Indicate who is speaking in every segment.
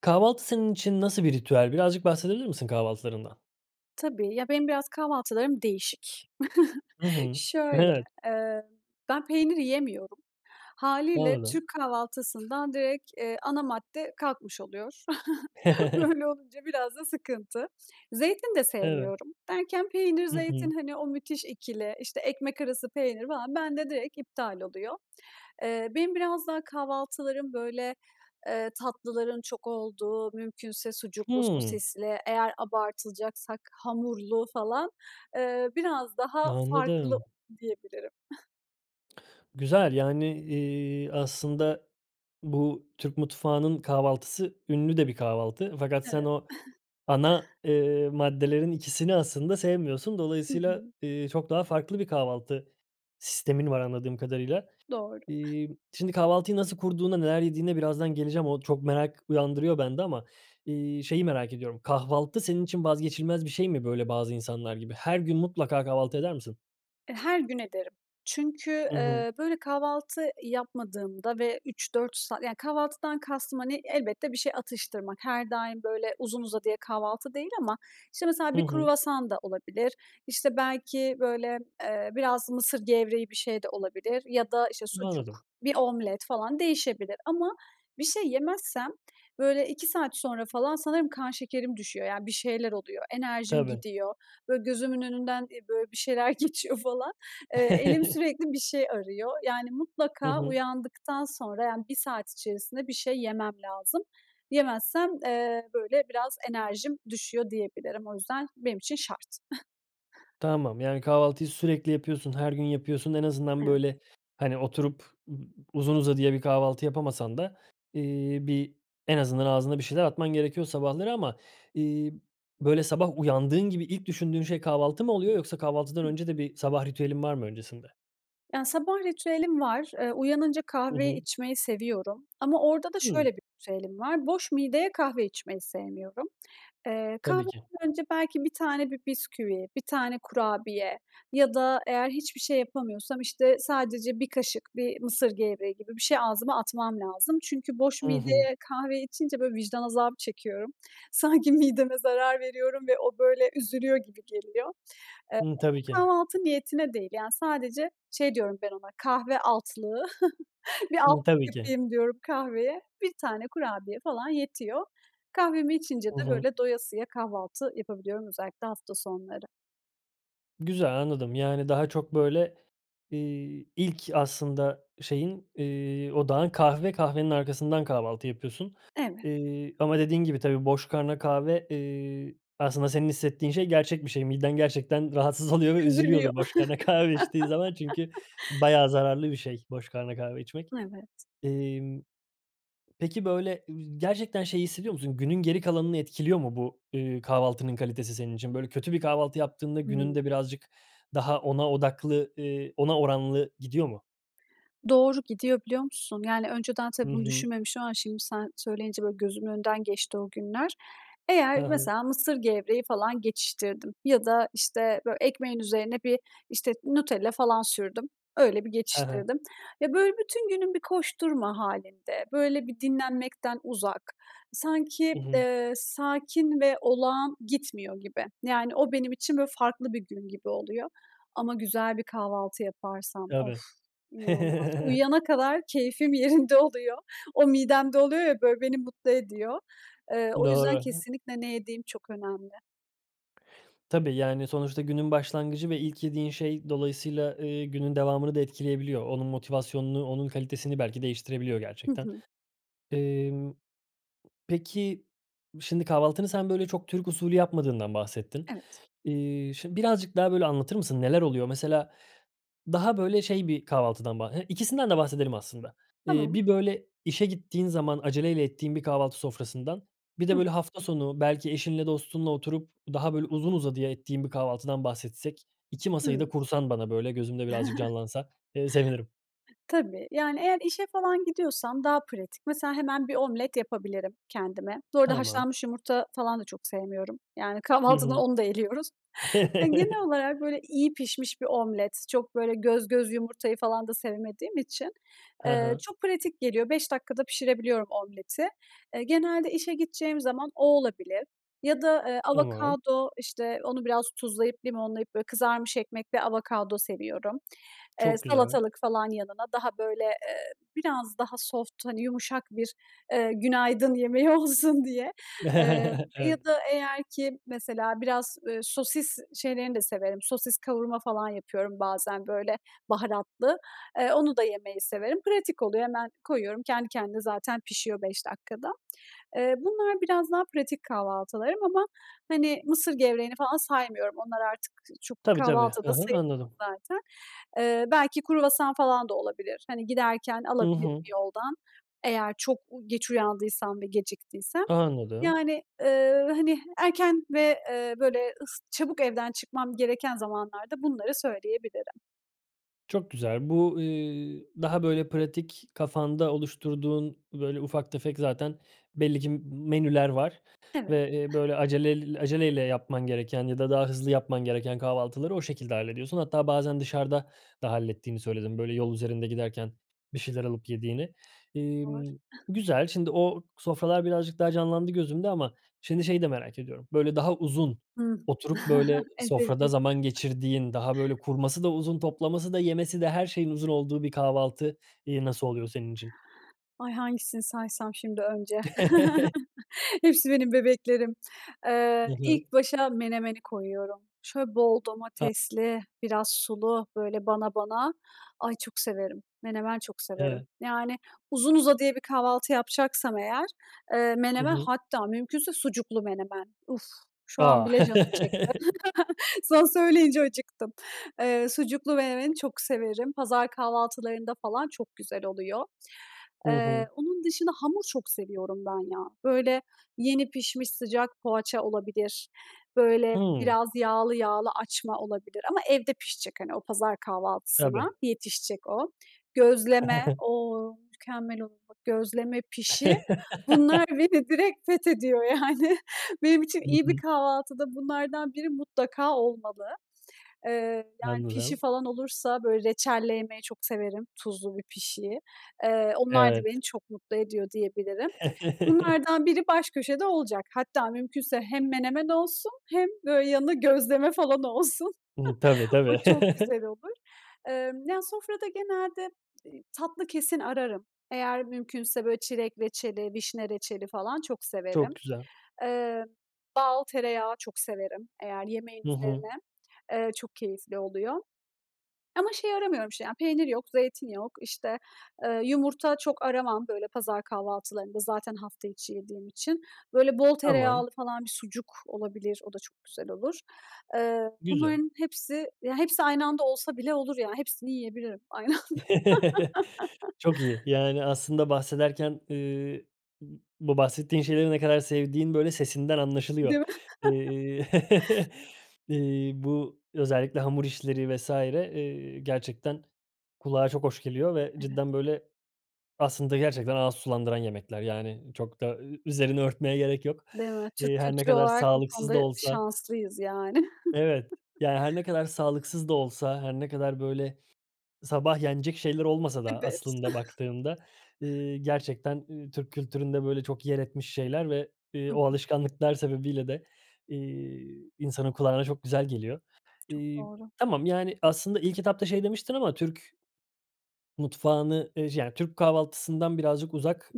Speaker 1: Kahvaltı senin için nasıl bir ritüel? Birazcık bahsedebilir misin kahvaltılarından?
Speaker 2: Tabii. Ya, benim biraz kahvaltılarım değişik.
Speaker 1: Hı hı,
Speaker 2: Şöyle,
Speaker 1: evet.
Speaker 2: eee, ben peynir yemiyorum. Hâliyle
Speaker 1: Anladım.
Speaker 2: Türk kahvaltısından direkt, eee, ana madde kalkmış oluyor. Böyle olunca biraz da sıkıntı. Zeytin de
Speaker 1: Evet.
Speaker 2: sevmiyorum. Derken peynir,
Speaker 1: Hı
Speaker 2: zeytin
Speaker 1: hı.
Speaker 2: hani, o müthiş ikili, işte, ekmek arası peynir falan bende direkt iptal oluyor. Eee, benim biraz daha kahvaltılarım, böyle, eee, tatlıların çok olduğu, mümkünse sucuklu.
Speaker 1: Hımm.
Speaker 2: sosisli, eğer abartacaksak hamurlu falan. Eee, biraz daha farklı,
Speaker 1: Anladım.
Speaker 2: diyebilirim
Speaker 1: Güzel. Yani, iii, aslında bu, Türk mutfağının kahvaltısı ünlü de bir kahvaltı fakat sen
Speaker 2: Evet.
Speaker 1: o ana, eee, maddelerin ikisini aslında sevmiyorsun.
Speaker 2: Hı
Speaker 1: Dolayısıyla,
Speaker 2: hı.
Speaker 1: ııı, çok daha farklı bir kahvaltı sistemin var anladığım kadarıyla.
Speaker 2: Doğru.
Speaker 1: İii, şimdi kahvaltıyı nasıl kurduğuna, neler yediğine birazdan geleceğim. O, çok merak uyandırıyor bende ama, iii, şeyi merak ediyorum: Kahvaltı senin için vazgeçilmez bir şey mi, böyle, bazı insanlar gibi? Her gün mutlaka kahvaltı eder misin?
Speaker 2: E, her gün ederim. Çünkü,
Speaker 1: Hı hı.
Speaker 2: eee, böyle, kahvaltı yapmadığımda ve 3-4 saat yani, kahvaltıdan kastım, hani, elbette bir şey atıştırmak, her daim, böyle, uzun uzadıya kahvaltı değil ama işte mesela
Speaker 1: Hı
Speaker 2: bir
Speaker 1: hı.
Speaker 2: kruvasan da olabilir. İşte, belki, böyle, eee, biraz mısır gevreği bir şey de olabilir ya da, işte, sucuk,
Speaker 1: Anladım.
Speaker 2: bir omlet falan, değişebilir ama bir şey yemezsem, böyle, 2 saat sonra falan sanırım kan şekerim düşüyor. Yani bir şeyler oluyor, enerjim
Speaker 1: Tabii.
Speaker 2: gidiyor; böyle, gözümün önünden, eee, böyle, bir şeyler geçiyor falan. Eee, elim sürekli bir şey arıyor. Yani
Speaker 1: Hı
Speaker 2: mutlaka
Speaker 1: hı.
Speaker 2: uyandıktan sonra, yani 1 saat içerisinde bir şey yemem lazım. Yemezsem, eee, böyle biraz enerjim düşüyor, diyebilirim. O yüzden benim için şart.
Speaker 1: Tamam. Yani kahvaltıyı sürekli yapıyorsun, her gün yapıyorsun. En azından,
Speaker 2: Evet.
Speaker 1: böyle, hani, oturup ıb uzun uzadıya bir kahvaltı yapamasan da, iii, bir, en azından ağzında bir şeyler atman gerekiyor sabahları ama, iii, böyle sabah uyandığın gibi ilk düşündüğün şey kahvaltı mı oluyor yoksa kahvaltıdan
Speaker 2: Hıı.
Speaker 1: önce de bir sabah ritüelin var mı öncesinde?
Speaker 2: Yani sabah ritüelim var. Eee, uyanınca
Speaker 1: Hı
Speaker 2: kahveyi
Speaker 1: hı.
Speaker 2: içmeyi seviyorum. Ama orada da şöyle
Speaker 1: Hımm.
Speaker 2: bir ritüelim var: Boş mideye kahve içmeyi sevmiyorum. Eee,
Speaker 1: Tabii ki.
Speaker 2: kahveden önce belki 1 tane bir bisküvi, 1 tane kurabiye ya da eğer hiçbir şey yapamıyorsam, işte, sadece 1 kaşık bir mısır gevreği gibi bir şey ağzıma atmam lazım. Çünkü boş
Speaker 1: Hı hı.
Speaker 2: mideye kahve içince, böyle, vicdan azabı çekiyorum. Sanki mideme zarar veriyorum ve o, böyle, üzülüyor gibi geliyor. Eee,
Speaker 1: Hımm, tabii ki.
Speaker 2: ama kahvaltı niyetine değil, yani sadece şey diyorum ben ona "kahve altlığı". Bir
Speaker 1: Hımm,
Speaker 2: altlık
Speaker 1: tabii ki.
Speaker 2: yapayım diyorum kahveye; 1 tane kurabiye falan yetiyor. Kahvemi içince
Speaker 1: Hı
Speaker 2: de,
Speaker 1: hı.
Speaker 2: böyle, doyasıya kahvaltı yapabiliyorum. Özellikle hafta sonları.
Speaker 1: Güzel, anladım. Yani, daha çok, böyle, iii, ilk aslında şeyin, eee, odağın kahve, kahvenin arkasından kahvaltı yapıyorsun.
Speaker 2: Evet.
Speaker 1: Eee, ama dediğin gibi tabii boş karnına kahve, eee, aslında senin hissettiğin şey gerçek bir şey. Miden gerçekten rahatsız oluyor ve
Speaker 2: Üzülüyor.
Speaker 1: üzülüyordur boş karnına kahve içtiği zaman. Çünkü bayağı zararlı bir şey boş karnına kahve içmek.
Speaker 2: Evet.
Speaker 1: İmm, peki, böyle, gerçekten şeyi hissediyor musun? Günün geri kalanını etkiliyor mu bu, ııı, kahvaltının kalitesi senin için? Böyle, kötü bir kahvaltı yaptığında günün
Speaker 2: Hımm.
Speaker 1: de birazcık daha ona odaklı, eee, ona oranlı gidiyor mu?
Speaker 2: Doğru, gidiyor biliyor musun? Yani önceden
Speaker 1: Hı
Speaker 2: tabii bunu
Speaker 1: hı.
Speaker 2: düşünmemiş ama şimdi sen söyleyince böyle gözümün önünden geçti o günler.
Speaker 1: Hı
Speaker 2: Eğer
Speaker 1: hı.
Speaker 2: mesela mısır gevreği falan geçiştirdim ya da, işte, bö ekmeğin üzerine bir, işte, Nutella falan sürdüm. Öyle bir
Speaker 1: He he.
Speaker 2: geçiştirdim. Ya, böyle, bütün günüm bir koşturma hâlinde, böyle, bir dinlenmekten uzak, sanki,
Speaker 1: Hı hı.
Speaker 2: eee, sakin ve olağan gitmiyor gibi. Yani o benim için, böyle, farklı bir gün gibi oluyor. Ama güzel bir kahvaltı yaparsam. Of,
Speaker 1: Tabii.
Speaker 2: inanılmaz. Uyuyana kadar keyfim yerinde oluyor. O midemde oluyor ya, böyle beni mutlu ediyor. Eee, o yüzden
Speaker 1: Doğru.
Speaker 2: kesinlikle ne yediğim çok önemli.
Speaker 1: Tabii, yani sonuçta günün başlangıcı ve ilk yediğin şey dolayısıyla, eee, günün devamını da etkileyebiliyor. Onun motivasyonunu, onun kalitesini belki değiştirebiliyor
Speaker 2: Hı
Speaker 1: gerçekten.
Speaker 2: hı.
Speaker 1: Emm, peki, şimdi kahvaltını sen, böyle, çok Türk usulü yapmadığından bahsettin.
Speaker 2: Evet.
Speaker 1: İii, şimdi birazcık daha, böyle, anlatır mısın? Neler oluyor? Mesela daha böyle şey bir kahvaltıdan bah ikisinden de bahsedelim aslında. Eee,
Speaker 2: Tamam.
Speaker 1: bir, böyle, işe gittiğin zaman aceleyle ettiğin bir kahvaltı sofrasından, bir de, böyle, hafta sonu belki eşinle dostunla oturup daha, böyle, uzun uzadıya ettiğin bir kahvaltıdan bahsetsek, 2 masayı
Speaker 2: Hıı.
Speaker 1: da kursan bana böyle, gözümde birazcık canlansa, ııı, sevinirim.
Speaker 2: Tabii, yani eğer işe falan gidiyorsam daha pratik, mesela hemen bir omlet yapabilirim kendime. Bu arada
Speaker 1: Tamam.
Speaker 2: haşlanmış yumurta falan da çok sevmiyorum. Yani
Speaker 1: Hı
Speaker 2: kahvaltıdan
Speaker 1: hı.
Speaker 2: onu da eliyoruz. Yani, genel olarak böyle iyi pişmiş bir omlet, çok böyle göz göz yumurtayı falan da sevmediğim için,
Speaker 1: Hı
Speaker 2: eee,
Speaker 1: hı.
Speaker 2: çok pratik geliyor, 5 dakikada pişirebiliyorum omleti. Eee, genelde işe gideceğim zaman o olabilir ya da, eee,
Speaker 1: Tamam.
Speaker 2: avokado, işte onu biraz tuzlayıp limonlayıp böyle kızarmış ekmekle avokado seviyorum. Eee,
Speaker 1: Çok güzel.
Speaker 2: salatalık falan yanına, daha böyle, eee, biraz daha soft, hani, yumuşak bir, eee, günaydın yemeği olsun diye, eee, ya
Speaker 1: Evet.
Speaker 2: da eğer ki mesela biraz, ııı, sosis şeylerini de severim. Sosis kavurma falan yapıyorum bazen, böyle, baharatlı, eee, onu da yemeyi severim, pratik oluyor, hemen koyuyorum, kendi kendine zaten pişiyor 5 dakikada. Eee, bunlar biraz daha pratik kahvaltılarım ama, hani, mısır gevreğini falan saymıyorum, onlar artık çok
Speaker 1: Tabii, tabii.
Speaker 2: kahvaltı
Speaker 1: Hı
Speaker 2: da
Speaker 1: hı.
Speaker 2: sayılmıyor
Speaker 1: Anladım.
Speaker 2: zaten. Eee, belki kruvasan falan da olabilir, hani, giderken
Speaker 1: Hı
Speaker 2: alabilirim
Speaker 1: hı.
Speaker 2: yoldan eğer çok geç uyandıysam ve geciktiysem.
Speaker 1: Anladım.
Speaker 2: Yani, ııı, hani erken ve, eee, böyle, ıs çabuk evden çıkmam gereken zamanlarda bunları söyleyebilirim.
Speaker 1: Çok güzel. Bu, ııı, daha böyle pratik kafanda oluşturduğun böyle ufak tefek zaten belli ki, m menüler var
Speaker 2: Evet.
Speaker 1: ve, eee, böyle, aceleyl acele ile yapman gereken ya da daha hızlı yapman gereken kahvaltıları o şekilde hallediyorsun. Hatta bazen dışarıda da hallettiğini söyledin böyle yol üzerinde giderken bir şeyler alıp yediğini.
Speaker 2: Doğru.
Speaker 1: İmm, güzel, şimdi, o sofralar birazcık daha canlandı gözümde ama, şimdi, şeyi de merak ediyorum. Böyle, daha uzun
Speaker 2: Hıı.
Speaker 1: oturup, böyle,
Speaker 2: En
Speaker 1: sofrada
Speaker 2: sevdiğim.
Speaker 1: zaman geçirdiğin, daha, böyle, kurması da uzun, toplaması da, yemesi de... Her şeyin uzun olduğu bir kahvaltı, iii, nasıl oluyor senin için?
Speaker 2: Ay, hangisini saysam şimdi önce? Hepsi benim bebeklerim. Iıı,
Speaker 1: Hı hı.
Speaker 2: ilk başa menemeni koyuyorum. Şöyle bol
Speaker 1: [unintelligible]
Speaker 2: domatesli, biraz sulu böyle bana bana... Ay, çok severim, menemen çok severim.
Speaker 1: Evet.
Speaker 2: Yani, uzun uzadıya bir kahvaltı yapacaksam eğer, eee,
Speaker 1: Hı
Speaker 2: menemen
Speaker 1: hı.
Speaker 2: hatta mümkünse sucuklu menemen. Uf, şu an
Speaker 1: A!
Speaker 2: bile canım çekti. Sen söyleyince acıktım. Eee, sucuklu menemeni çok severim. Pazar kahvaltılarında falan çok güzel oluyor.
Speaker 1: Hı hı.
Speaker 2: Eee, onun dışında hamur çok seviyorum ben ya. Böyle, yeni pişmiş sıcak poğaça olabilir. Böyle,
Speaker 1: Hıı.
Speaker 2: biraz yağlı yağlı açma olabilir ama evde pişecek, hani, o pazar kahvaltısına
Speaker 1: Tabii.
Speaker 2: yetişecek o. Gözleme. O! Mükemmel olur, bak; gözleme pişi... Bunlar beni direkt fethediyor yani. Benim için
Speaker 1: Hı
Speaker 2: iyi bir
Speaker 1: hı.
Speaker 2: kahvaltıda bunlardan biri mutlaka olmalı. Eee, yani pişi
Speaker 1: Anladım.
Speaker 2: falan olursa, böyle, reçelle yemeyi çok severim tuzlu bir pişiyi. Eee, onlar da beni
Speaker 1: Evet.
Speaker 2: çok mutlu ediyor diyebilirim. Bunlardan biri baş köşede olacak. Hatta mümkünse hem menemen olsun hem böyle yanına gözleme falan olsun.
Speaker 1: Hıı. Tabii
Speaker 2: O
Speaker 1: tabii.
Speaker 2: çok güzel olur. Imm, yani sofrada genelde, eee, tatlı kesin ararım. Eğer mümkünse böyle, çilek reçeli, vişne reçeli falan çok severim.
Speaker 1: Çok güzel.
Speaker 2: Eee, bal, tereyağı çok severim eğer yemeğin
Speaker 1: Hı hı.
Speaker 2: üzerine, eee, çok keyifli oluyor. Ama şey aramıyorum işte ya, peynir yok, zeytin yok, işte, eee, yumurta çok aramam böyle pazar kahvaltılarında zaten hafta içi yediğim için. Böyle, bol
Speaker 1: Tamam.
Speaker 2: tereyağlı falan bir sucuk olabilir o da çok güzel olur. Eee,
Speaker 1: Güzel.
Speaker 2: bunların hepsi, ya, hepsi aynı anda olsa bile olur yani, hepsini yiyebilirim aynı anda.
Speaker 1: Çok iyi, yani aslında bahsederken, ııı, b bu bahsettiğin şeyleri ne kadar sevdiğin böyle sesinden
Speaker 2: Değil
Speaker 1: anlaşılıyor.
Speaker 2: mi?
Speaker 1: Eee, eee, bu özellikle hamur işleri vs. eee, gerçekten kulağa çok hoş geliyor ve
Speaker 2: Evet.
Speaker 1: cidden böyle, aslında gerçekten ağız sulandıran yemekler yani çok da ü üzerini örtmeye gerek yok.
Speaker 2: Değil mi? Türk
Speaker 1: Eee, her ne
Speaker 2: kültürü
Speaker 1: kadar
Speaker 2: olarak bu
Speaker 1: sağlıksız
Speaker 2: konuda
Speaker 1: da
Speaker 2: e
Speaker 1: olsa
Speaker 2: şanslıyız yani.
Speaker 1: Evet, yani, her ne kadar sağlıksız da olsa, her ne kadar böyle sabah yenecek şeyler olmasa da
Speaker 2: Evet.
Speaker 1: aslında baktığında, ııı, gerçekten, ııı, Türk kültüründe böyle çok yer etmiş şeyler ve, eee,
Speaker 2: Hı
Speaker 1: o
Speaker 2: hı.
Speaker 1: alışkanlıklar sebebiyle de, eee, insanın kulağına çok güzel geliyor.
Speaker 2: Çok
Speaker 1: İii,
Speaker 2: doğru.
Speaker 1: tamam, yani aslında ilk etapta şey demiştin ama Türk mutfağını, eee, yani Türk kahvaltısından birazcık uzak,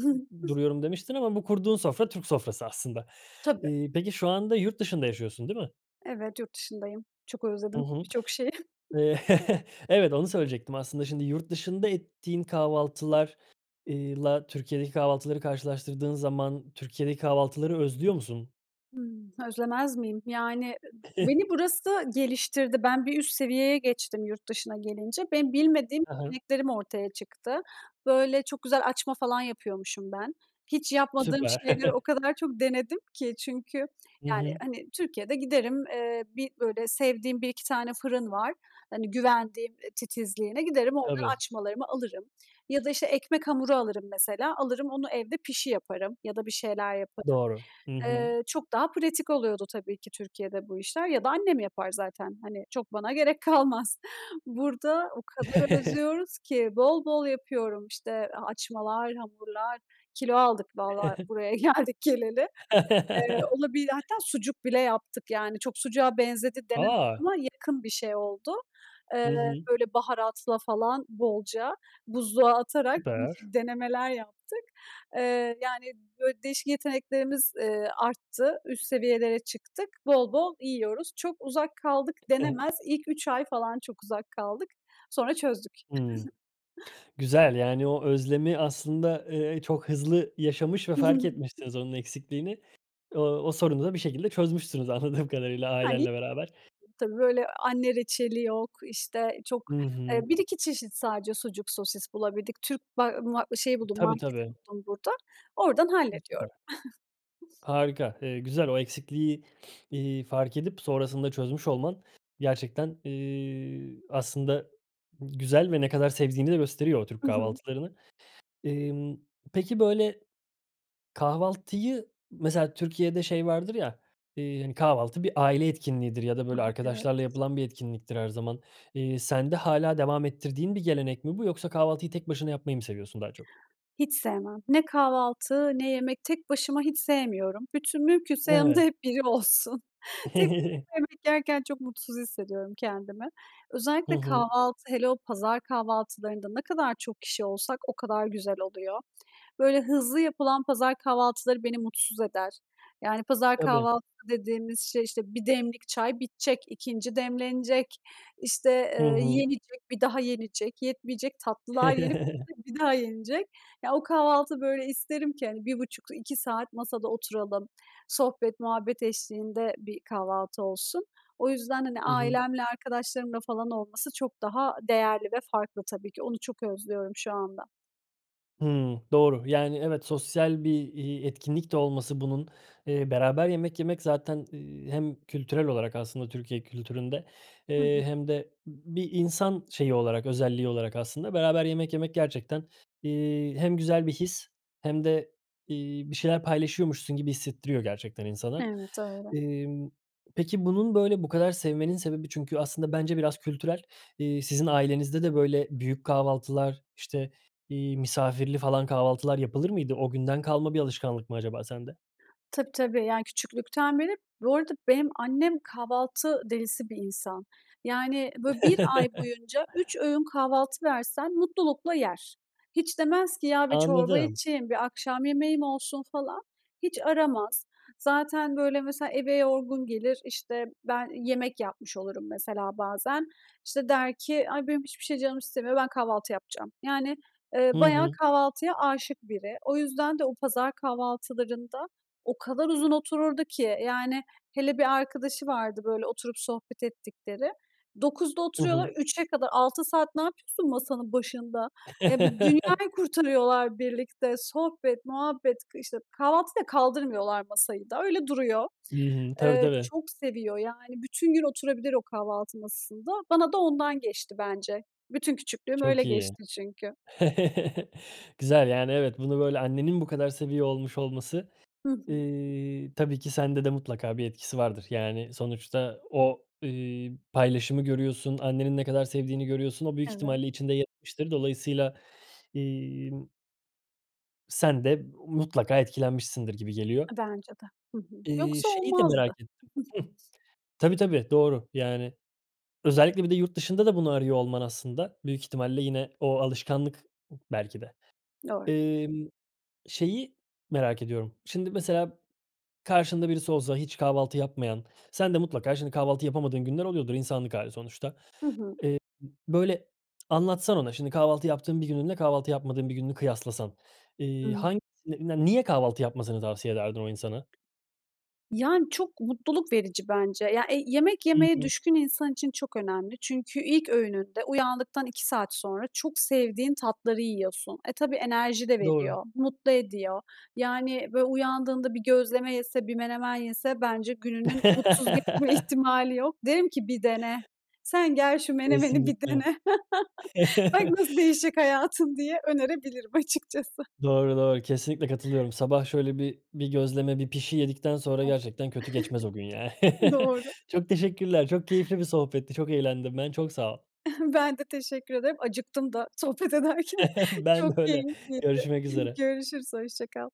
Speaker 1: ı duruyorum demiştin ama bu kurduğun sofra Türk sofrası aslında.
Speaker 2: Tabii.
Speaker 1: Iıı, peki şu anda yurt dışında yaşıyorsun, değil mi?
Speaker 2: Evet, yurt dışındayım. Çok
Speaker 1: Hı
Speaker 2: özledim
Speaker 1: hı.
Speaker 2: birçok şeyi.
Speaker 1: Eee, evet, onu söyleyecektim. Aslında şimdi yurt dışında ettiğin kahvaltılar, eee, la Türkiye'deki kahvaltıları karşılaştırdığın zaman Türkiye'deki kahvaltıları özlüyor musun?
Speaker 2: Hımm. Özlemez miyim? Yani, ı beni burası geliştirdi. Ben bir üst seviyeye geçtim yurt dışına gelince. Benim bilmediğim
Speaker 1: Hı hı.
Speaker 2: yeteneklerim ortaya çıktı. Böyle, çok güzel açma falan yapıyormuşum ben. Hiç yapmadığım
Speaker 1: Süper.
Speaker 2: şeyleri o kadar çok denedim ki çünkü,
Speaker 1: Hı
Speaker 2: yani,
Speaker 1: hı.
Speaker 2: hani, Türkiye'de giderim, eee, 1 böyle, sevdiğim 1-2 tane fırın var, hani, güvendiğim, ııı, titizliğine, giderim oradan
Speaker 1: Tabii.
Speaker 2: açmalarımı alırım ya da, işte, ekmek hamuru alırım mesela, alırım onu evde pişi yaparım ya da bir şeyler yaparım.
Speaker 1: Doğru. Hı hı.
Speaker 2: Eee, çok daha pratik oluyordu tabii ki Türkiye'de bu işler ya da annem yapar zaten, hani, çok bana gerek kalmaz. Burada o kadar özlüyoruz ki bol bol yapıyorum, işte, a açmalar, hamurlar. Kilo aldık vallahi buraya geldik geleli. Eee, olabili hatta sucuk bile yaptık, yani, çok sucuğa benzedi denemez
Speaker 1: A!
Speaker 2: ama yakın bir şey oldu.
Speaker 1: Hı
Speaker 2: Iıı,
Speaker 1: hı.
Speaker 2: böyle, baharatla falan bolca buzluğa atarak
Speaker 1: Süper.
Speaker 2: değişik denemeler yaptık. Eee, yani, böyle, değişik yeteneklerimiz, ııı, arttı, üst seviyelere çıktık bol bol yiyoruz. Çok uzak kaldık denemez, ilk 3 ay falan çok uzak kaldık. Sonra çözdük.
Speaker 1: Imm. Güzel, yani, o özlemi aslında, ııı, çok hızlı yaşamış ve fark etmişsiniz onun eksikliğini. O o sorunu da bir şekilde çözmüşsünüz anladığım kadarıyla
Speaker 2: Yani,
Speaker 1: ailenle beraber.
Speaker 2: tabii, böyle, anne reçeli yok işte çok,
Speaker 1: Hı
Speaker 2: eee,
Speaker 1: hı.
Speaker 2: 1-2 çeşit sadece sucuk sosis bulabildik. Türk, ba ma şeyi buldum
Speaker 1: Tabii
Speaker 2: marketi
Speaker 1: tabii.
Speaker 2: buldum burada, oradan
Speaker 1: Hıı,
Speaker 2: hallediyorum.
Speaker 1: süper. Harika, eee, güzel. O eksikliği, iii, fark edip sonrasında çözmüş olman gerçekten, ııı, aslında güzel ve ne kadar sevdiğini de gösteriyor o Türk
Speaker 2: Hı hı.
Speaker 1: kahvaltılarını. Imm, peki, böyle, kahvaltıyı... Mesela Türkiye'de şey vardır ya, ııı, hani, kahvaltı bir aile etkinliğidir ya da,
Speaker 2: A
Speaker 1: böyle,
Speaker 2: ha. Evet.
Speaker 1: arkadaşlarla yapılan bir etkinliktir her zaman. Iıı, sende hâlâ devam ettirdiğin bir gelenek mi bu yoksa kahvaltıyı tek başına yapmayı mı seviyorsun daha çok?
Speaker 2: Hiç sevmem. Ne kahvaltı, ne yemek tek başıma hiç sevmiyorum. Bütün, mümkünse, yanımda
Speaker 1: Evet.
Speaker 2: hep biri olsun. Tek başıma yemek yerken çok mutsuz hissediyorum kendimi.
Speaker 1: Hı
Speaker 2: Özellikle
Speaker 1: hı.
Speaker 2: kahvaltı, hele o pazar kahvaltılarında ne kadar çok kişi olsak o kadar güzel oluyor. Böyle hızlı yapılan pazar kahvaltıları beni mutsuz eder. Yani, pazar
Speaker 1: Tabii.
Speaker 2: kahvaltısı dediğimiz şey işte, 1 demlik çay bitecek, 2'nci demlenecek. İşte,
Speaker 1: Hı
Speaker 2: ııı,
Speaker 1: hı.
Speaker 2: yenecek bir daha yenecek yetmeyecek tatlılar yenip üstüne bir daha yenecek. Ya o kahvaltı böyle isterim ki, hani, 1,5-2 saat masada oturalım, sohbet muhabbet eşliğinde bir kahvaltı olsun. O yüzden, hani,
Speaker 1: Hı hı.
Speaker 2: ailemle, arkadaşlarımla falan olması çok daha değerli ve farklı tabii ki. Onu çok özlüyorum şu anda.
Speaker 1: Hıı. Doğru. Yani, evet, sosyal bir, iii, etkinlik de olması bunun, eee, beraber yemek yemek zaten, eee, hem kültürel olarak, aslında, Türkiye kültüründe,
Speaker 2: Hı
Speaker 1: eee,
Speaker 2: hı.
Speaker 1: hem de b bir insan şeyi olarak, özelliği olarak aslında beraber yemek yemek gerçekten, iii, hem güzel bir his hem de, iii, bir şeyler paylaşıyormuşsun gibi hissettiriyor gerçekten insana.
Speaker 2: Evet, öyle.
Speaker 1: Emm, peki bunun, böyle bu kadar sevmenin sebebi çünkü aslında bence biraz kültürel. Eee, sizin ailenizde de böyle büyük kahvaltılar, işte, iii, misafirli falan kahvaltılar yapılır mıydı? O günden kalma bir alışkanlık mı acaba sende?
Speaker 2: Tabii, tabii. Yani küçüklükten beri. Bu arada benim annem kahvaltı delisi bir insan. Yani, böyle, 1 ay boyunca 3 öğün kahvaltı versen mutlulukla yer. Hiç demez ki "Ya, bir çorba
Speaker 1: Anladım.
Speaker 2: içeyim, bir akşam yemeğim olsun." falan, hiç aramaz. Zaten, böyle, mesela, eve yorgun gelir, işte, ben yemek yapmış olurum mesela bazen. İşte der ki: "Ay, benim hiçbir şey canım istemiyor, ben kahvaltı yapacağım." Yani, eee,
Speaker 1: Hı
Speaker 2: bayağı
Speaker 1: hı.
Speaker 2: kahvaltıya âşık biri. O yüzden de o pazar kahvaltılarında o kadar uzun otururdu ki. Yani, hele bir arkadaşı vardı, böyle, oturup sohbet ettikleri. 09.00'da
Speaker 1: Hı
Speaker 2: oturuyorlar,
Speaker 1: hı.
Speaker 2: 15.00'e kadar. 6 saat ne yapıyorsun masanın başında? Eee, bi dünyayı kurtarıyorlar birlikte. Sohbet, muhabbet, k işte, kahvaltıyı da kaldırmıyorlar, masayı da, öyle duruyor.
Speaker 1: I hı. Tabii,
Speaker 2: Eee,
Speaker 1: tabii.
Speaker 2: çok seviyor yani, bütün gün oturabilir o kahvaltı masasında. Bana da ondan geçti bence. Bütün küçüklüğüm öyle
Speaker 1: Çok iyi.
Speaker 2: geçti çünkü.
Speaker 1: Güzel. Yani, evet, bunu, böyle, annenin bu kadar seviyor olmuş olması,
Speaker 2: Hı hı.
Speaker 1: ııı, tabii ki sende de mutlaka bir etkisi vardır. Yani sonuçta o, ııı, paylaşımı görüyorsun, annenin ne kadar sevdiğini görüyorsun, o büyük
Speaker 2: Evet.
Speaker 1: ihtimalle içinde yer etmiştir. Dolayısıyla, imm sen de mutlaka etkilenmişsindir gibi geliyor.
Speaker 2: E, bence de. Hı hı.
Speaker 1: İii,
Speaker 2: Yoksa
Speaker 1: şeyi de merak
Speaker 2: olmazdı.
Speaker 1: ettim. Hıh. Tabii, tabii, doğru. Yani, özellikle bir de yurt dışında da bunu arıyor olman aslında büyük ihtimalle yine o alışkanlık belki de.
Speaker 2: Doğru.
Speaker 1: Imm, şeyi merak ediyorum: Şimdi mesela karşında birisi olsa hiç kahvaltı yapmayan, sen de mutlaka şimdi kahvaltı yapamadığın günler oluyordur, insanlık hâli sonuçta.
Speaker 2: Hı hı.
Speaker 1: Eee, böyle anlatsana ona, şimdi kahvaltı yaptığın bir gününle kahvaltı yapmadığın bir gününü kıyaslasan, eee,
Speaker 2: Hıı.
Speaker 1: hang ne ne niye kahvaltı yapmasını tavsiye ederdin o insana?
Speaker 2: Yani çok mutluluk verici bence. Ya e yemek
Speaker 1: Hı
Speaker 2: yemeye
Speaker 1: hı.
Speaker 2: düşkün insan için çok önemli. Çünkü ilk öğününde uyandıktan 2 saat sonra çok sevdiğin tatları yiyorsun. E, tabii, enerji de
Speaker 1: Doğru.
Speaker 2: veriyor, mutlu ediyor. Yani, böyle, uyandığında bir gözleme yese, bir menemen yese bence gününün mutsuz geçme ihtimali yok. Derim ki bir dene, sen gel, şu menemeni bir
Speaker 1: Kesinlikle.
Speaker 2: dene. Bak, nasıl değişecek hayatın, diye önerebilirim açıkçası.
Speaker 1: Doğru, doğru. Kesinlikle katılıyorum. Sabah şöyle bir bir gözleme, bir pişi yedikten sonra
Speaker 2: Evet.
Speaker 1: gerçekten kötü geçmez o gün ya.
Speaker 2: Doğru.
Speaker 1: Çok teşekkürler, çok keyifli bir sohbetti, çok eğlendim ben, çok sağ ol.
Speaker 2: Ben de teşekkür ederim, acıktım da sohbet ederken
Speaker 1: Ben
Speaker 2: çok
Speaker 1: de öyle,
Speaker 2: keyifliydi.
Speaker 1: görüşmek üzere.
Speaker 2: Görüşürüz, hoşça kal.